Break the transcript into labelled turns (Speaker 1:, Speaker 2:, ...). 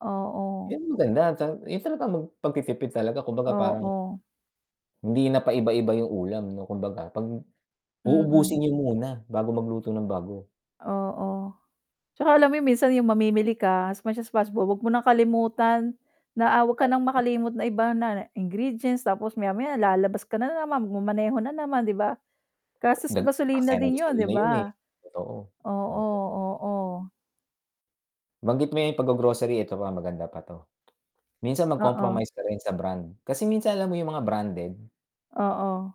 Speaker 1: Oo.
Speaker 2: 'Yun ang maganda, yun ta mag pagti-tipid talaga kumbaga parang
Speaker 1: Oo.
Speaker 2: hindi na paiba-iba yung ulam 'no, kumbaga 'pag
Speaker 1: Mm.
Speaker 2: uubusin niyo muna bago magluto ng bago.
Speaker 1: Oo, pero alam mo yung minsan yung mamimili ka, as much as possible, 'wag mo nang kalimutan na ah, 'wag ka nang makalimot na iba kunwari ingredients tapos maya-maya lalabas ka na naman, magma-maneho na naman 'di ba? Gastos sa
Speaker 2: nag
Speaker 1: gasolina
Speaker 2: aksaya ng
Speaker 1: din yun, 'di
Speaker 2: gasolina yun eh,
Speaker 1: ba?
Speaker 2: totoo.
Speaker 1: Oo,
Speaker 2: Oo.
Speaker 1: oo.
Speaker 2: Na-banggit mo yung pag-grocery ito pa maganda pa 'to. Minsan mag
Speaker 1: Oo.
Speaker 2: compromise ka rin sa brand, kasi minsan alam mo yung mga branded.
Speaker 1: Oo.